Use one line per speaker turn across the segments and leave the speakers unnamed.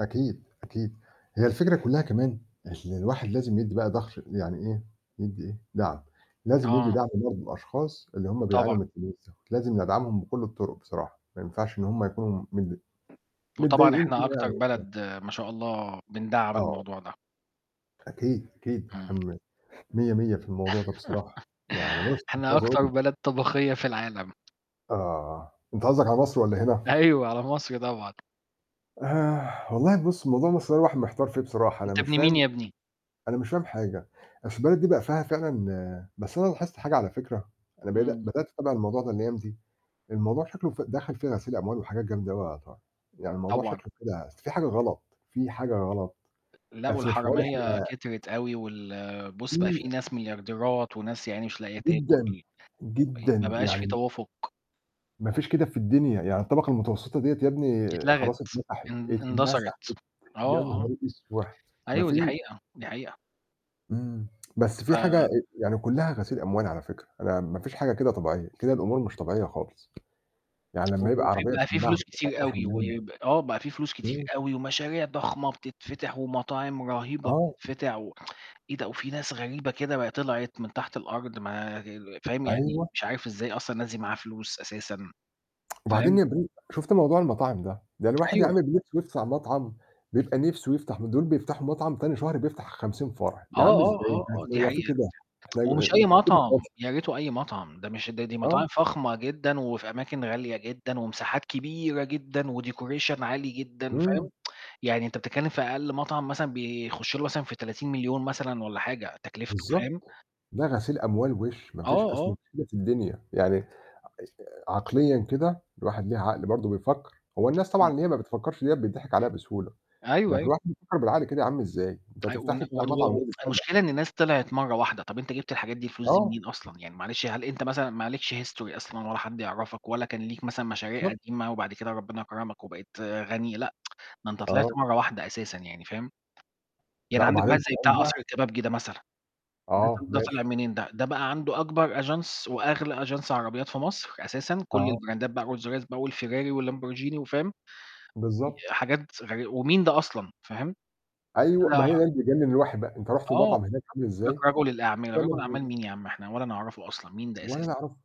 أكيد، أكيد هي الفكرة كلّها كمان اللي الواحد لازم يدّي بقى ضَهر يعني إيه، يدّي إيه، دعم، لازم يدّي
آه.
دعم برضه لأشخاص اللي هُم بيعانوا
طبعًا.
من الفلوس دول، لازم ندعمهم بكُل الطرق بصراحة، ما ينفعش إن هُم يكونوا متض
وطبعًا
متضايقين
إحنا
كده يعني
أكتر
مش فاهم.
بلد ما شاء الله، بندعّم
آه.
الموضوع ده.
أكيد، أكيد،
إمم.
إحنا م مِيّة مِيّة في الموضوع ده بصراحة، يعني بُص مش
إحنا
عايز أقُول
أكتر
لك.
بلد طبقية في العالم.
آه، أنت قصدك على مصر والّا هنا؟
أيوه، على مصر طبعًا.
والله بُص موضوع مصر ده الواحد محتار فيه بصراحة، أنا
أنت
مش
ابن مين
فاهم
يا ابني؟
أنا مش فاهم حاجة، أصل البلد دي بقى فيها فعلًا بس أنا لاحظت حاجة على فِكرة، أنا بدا
إمم.
بدأت أتابع الموضوع ده الأيام دي، الموضوع شكله ف دخل فيه غسيل أموال وحاجات جامدة أوي يا طارق يعني الموضوع
طبعًا.
شكله كده، أصل في حاجة غلط، في حاجة غلط،
لأ،
أصل مش معقول
والحرامية
إحنا.
كترت أوي، وال بُص بقى
في
في ناس مليارديرات وناس يا عيني مش لاقية تاكل،
جدًا،
مي ما
جدًا
بقاش
يعني
في
م
توافق.
ما فيش كده في الدنيا، يعني الطبقة المتوسطة دِيّة يا ابني
اتلغت،
خلاص اتمسحت،
ان
اتمسحت،
اندثرت
يا
آه، آه.
نهار أسوح! ما
أيوه دي
فيش.
حقيقة، دي حقيقة.
إمم بس في حاجة آآ
ف
يعني كلّها غسيل أموال على فكرة، أنا ما فيش حاجة كده طبيعية، كده الأمور مش طبيعية خالص. يعني
و
لمّا يبقى
وفي
عربية
بقى في
بتتباع
فلوس كتير
بتلاتاشر
أوي،
مليون
ويب آه بقى في فلوس كتير
إمم.
أوي، ومشاريع ضخمة بتتفتح، ومطاعم رهيبة
آه.
بتتفتح و إيه ده؟ وفي ناس غريبة كده ب طلعت من تحت الأرض، ما فاهم؟ يعني
أيوه.
مش عارف إزاي أصلًا الناس دي معاها فلوس أساسًا،
وبعدين
فاهم؟
يا [unintelligible] شُفت موضوع المطاعم ده، ده الواحد يا
أيوه.
عيني ب نِفسه يفتح مطعم بيبقى نِفسه يفتح م دول بيفتحوا مطعم تاني شهر بيفتح 50 فرع،
آه،
يا عم
آه،
إزاي
آه،
بس
آه دي
هو في
حقيقة
كده! إحنا آآ
ومش
ما
أي
فيش كده خالص.
مطعم، يا ريته أي مطعم، ده مش ده دي
آه.
مطاعم فخمة جدًا، وفي أماكن غالية جدًا، ومساحات كبيرة جدًا، و decoration عالي جدًا، فاهم؟
إمم.
يعني أنت بتتكلم في أقل مطعم مثلًا بيخُش له مثلًا في 30.000.000 مثلًا والّا حاجة تكلفته، فاهم؟
بالضبط، ده غسيل أموال وِش، ما
آه،
فيش أصل ما
آه.
فيش كده في الدنيا، يعني اش عقليًا كده الواحد ليه عقل برضه بيفكّر، هو الناس طبعًا
أكيد.
اللي هي ما بتفكّرش ديّة بيتضحك عليها بسهولة،
أيوه،
لكن
أيوه.
الواحد بيفكّر بالعقل كده يا عم إزاي؟ أنت
أي
هتفتح
وان
لي بتاع مطعم
[unintelligible]
[unintelligible]
المشكلة إن ناس طلعت مرّة واحدة، طب أنت جبت للحاجات دي الفلوس دي
آه.
منين أصلًا؟ يعني معلش هل أنت مثلًا ما عليكش history أصلًا، ولا حد يعرفك، ولا كان ليك مثلًا مشاريع
بالضبط.
قديمة وبعد كده ربنا كرمك وبقيت غني لأ، ده أنت طلعت
آه.
مرّة واحدة أساسًا يعني، فاهم؟ يعني
لأ
عندك واحد
وبعدين
زي بتاع قصر
[unintelligible]
الكبابجي ده مثلًا، ده ط
آه،
ده طلِع
ماشي.
منين ده؟ ده بقى عنده أكبر Agence وأغلى Agence عربيات في مصر أساسًا، كُل
آه.
البراندات بقى Rolls Royce بقى والFerrari والLamborghini وفاهم؟ ي
بالضبط.
حاجات غري ومين ده أصلًا؟ فاهم؟
أيوه،
طلع
ما هي ده اللي بيجنن الواحد بقى، أنت رُحت
آه، قال
المطعم هناك عامِل إزاي؟
لك رجُل الأعمال،
يا
رجُل
لهوى!
أعمال مين يا عم إحنا ولا نعرفه أصلًا، مين ده
ولا
أساسًا؟
يعرفه.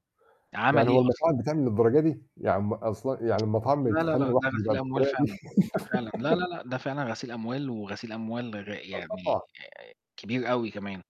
عمل
يعني
إيه
هو
أصلًا؟
المطاعم بتعمل للدرجة دي؟ يا عم أصل يعني المطاعم
لا، لا،
بتخلّي
لأ ده
الواحد يبقى
غسيل أموال
بالطريقة دي؟.
فعلًا، ده فعلًا لا، لا، لأ ده فعلًا غسيل أموال، وغسيل أموال غ
آه
يعني
طبعًا.
آآ كبير أوي كمان.